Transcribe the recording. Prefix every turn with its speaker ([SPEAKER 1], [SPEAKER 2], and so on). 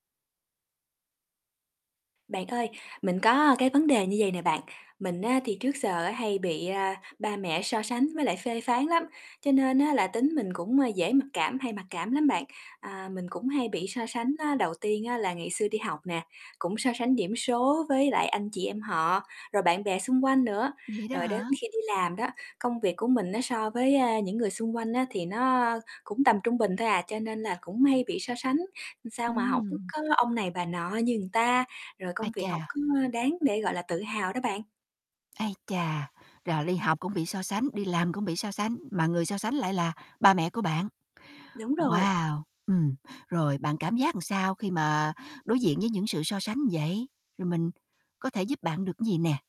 [SPEAKER 1] Bạn ơi, mình có cái vấn đề như vầy nè bạn, mình á thì trước giờ á hay bị, a, ba mẹ so sánh với lại phê phán lắm, cho nên á là tính mình cũng dễ mặc cảm, hay mặc cảm lắm bạn. À, mình cũng hay bị so sánh á, đầu tiên á là ngày xưa đi học nè, cũng so sánh điểm số với lại anh chị em họ, rồi bạn bè xung quanh nữa,
[SPEAKER 2] Vậy đó
[SPEAKER 1] rồi đến
[SPEAKER 2] hả?
[SPEAKER 1] khi đi làm đó, công việc của mình á so với, a, những người xung quanh á, thì nó cũng tầm trung bình thôi à, cho nên là cũng hay bị so sánh, sao mà hổng
[SPEAKER 2] Ừm.
[SPEAKER 1] có ông này bà nọ như người ta, rồi
[SPEAKER 2] Ái
[SPEAKER 1] công việc hổng
[SPEAKER 2] chà.
[SPEAKER 1] có đáng để, gọi là, tự hào đó bạn.
[SPEAKER 2] Ái chà, rồi đi học cũng bị so sánh, đi làm cũng bị so sánh, mà người so sánh lại là ba mẹ của bạn.
[SPEAKER 1] Đúng rồi.
[SPEAKER 2] Wow, ừm, rồi bạn cảm giác sao khi mà đối diện với những sự so sánh vậy, rồi mình có thể giúp bạn được cái gì nè?